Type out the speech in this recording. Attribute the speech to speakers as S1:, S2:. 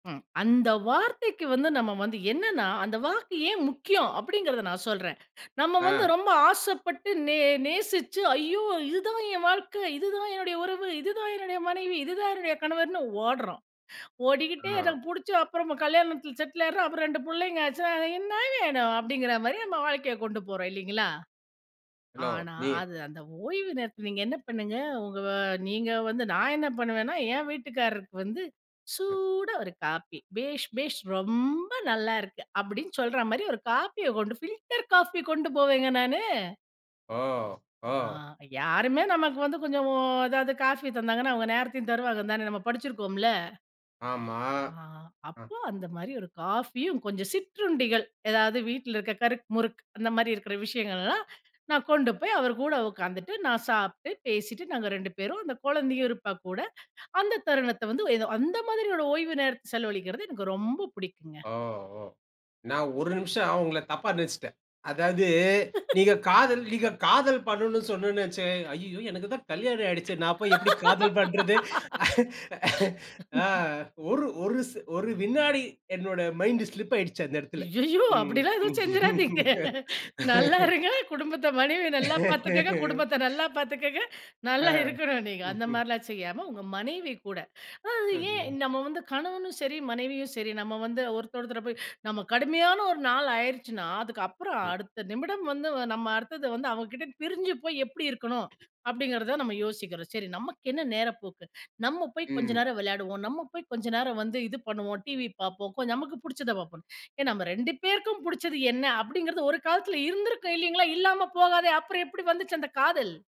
S1: ம். அந்த வார்த்தைக்கு வந்து நம்ம வந்து என்னென்னா, அந்த வாக்கு ஏன் முக்கியம்? அப்படிங்கிறத நான் சொல்றேன், நம்ம வந்து
S2: ஆ.
S1: ரொம்ப ஆசைப்பட்டு, நே நேசிச்சு ஐயோ! இதுதான் என் வாழ்க்கை, இதுதான் என்னுடைய உறவு, இதுதான் என்னுடைய மனைவி, இதுதான் என்னுடைய கணவர்ன்னு ஓடுறோம், ஓடிக்கிட்டே
S2: ஆ.
S1: எனக்கு புடிச்ச அப்புறமா கல்யாணத்தில செட்டில் ஆயிடுறோம், அப்புறம் 2 புள்ளைங்க ஆச்சா, "அ என்னா வேணும்?" அப்படிங்கிற மாரி நம்ம வாழ்க்கைய கொண்டு போறோம் இல்லிங்களா?
S2: ஹெல்லோ
S1: ஆனா
S2: நீ
S1: அது அந்த ஓய்வு நேரத்தை நீங்க என்ன பண்ணுங்க, ஒங்க வ நீங்க வந்து நான் என்ன பண்ணுவேன்னா, என் வீட்டுக்காரருக்கு வந்து,
S2: ம்,
S1: சூடா ஒரு காப்பி, "பேஷ் பேஷ், ரொம்ப நல்லா இருக்கு" அப்படின்னு சொல்ற மாரி ஒரு காப்பிய கொண்டு ஃபில்டர் காஃபி கொண்டு போவேங்க நானு.
S2: ஓ!
S1: ஆ.
S2: ஓ!
S1: யாருமே நமக்கு வந்து கொஞ்சம், ஒ எதாவது காஃபி தந்தாங்கன்னா, அவங்க நேரத்தையும் தருவாங்கன்னு தானே நம்ம படிச்சிருக்கோம்ல!
S2: ஆமா.
S1: ஆ
S2: அ,
S1: அப்போ, அந்த மாரி ஒரு காஃபியும், கொஞ்சம் சிற்றுண்டிகள் ஏதாவது வீட்ல இருக்கிற கறுக் முறுக் அந்த மாரி இருக்கிற விஷயங்கள்லாம், நான் கொண்டு போய் அவர் கூட உக்காந்துட்டு, நான் சாப்ட்டு, பேசிட்டு நாங்க 2 பேரும் அந்த குழந்தையும் இருப்பா கூட, அந்த தருணத்தை வந்து எதோ அந்த மாதிரியோட ஓய்வு நேரத்தை செலவழிக்கிறது எனக்கு ரொம்ப புடிக்குங்க.
S2: ஓ! ஓ! நான் 1 நிமிஷம் உங்களை தப்பா நினைச்சிட்டேன், அதாவது நீங்க காதல் நீங்க காதல் பண்ணனு சொன்னோன வச்சு ஐய்யயோ எனக்கு தான் கல்யாணம் ஆயிடுச்சே, நான் போய் எப்படி காதல் பண்றது? ஆ ஒரு ஒரு செ ஒரு வினாடி என்னோட மைண்டு ஸ்லிப் ஆயிடுச்சு. அந்த எடத்தில.
S1: அய்யய்யோ
S2: ம்.
S1: அப்படிலாம் எதுவும் செஞ்சிராதீங்க. நல்லா இருங்க குடும்பத்த மனைவிய நல்லா பாத்துக்கங்க, குடும்பத்த நல்லா பாத்துக்கங்க.
S2: ஆ.
S1: நல்லா இருக்கணும் நீங்க. அந்த
S2: ம்ஹ்ம்.
S1: மாரிலாம் செய்யாம உங்க மனைவி கூட, அதாவது
S2: ஆமா.
S1: ஏன் நம்ம வந்து கணவனும் சரி, மனைவியும் சரி, நம்ம வந்து ஒருத்தர் ஒருத்தர போய் நம்ம கடுமையான 1 நாள் ஆயிருச்சுனா, அதுக்கப்பறம்
S2: ம்.
S1: அடுத்த நிமிடம் வந்து நம்ம அடுத்தது வந்து அவங்க கிட்ட பிரிஞ்சு போய் எப்படி இருக்கணும், அப்படிங்கிறத நம்ம யோசிக்கிறோம், சரி நமக்கு என்ன நேரப்போக்கு? நம்ம போய் கொஞ்ச
S2: ம்.
S1: நேரம் விளையாடுவோம், நம்ம போய் கொஞ்ச நேரம் வந்து இது பண்ணுவோம், டிவி பார்ப்போம் கொஞ்சம் நமக்கு புடிச்சத பாப்போம், ஏன் "நம்ம 2 பேருக்கும் புடிச்சது என்ன?" அப்படிங்கிறது ஒரு காலத்தில இருந்திருக்கும் இல்லிங்களா? இல்லாம போகாதே, அப்புறம் எப்படி வந்துச்சு அந்த காதல்?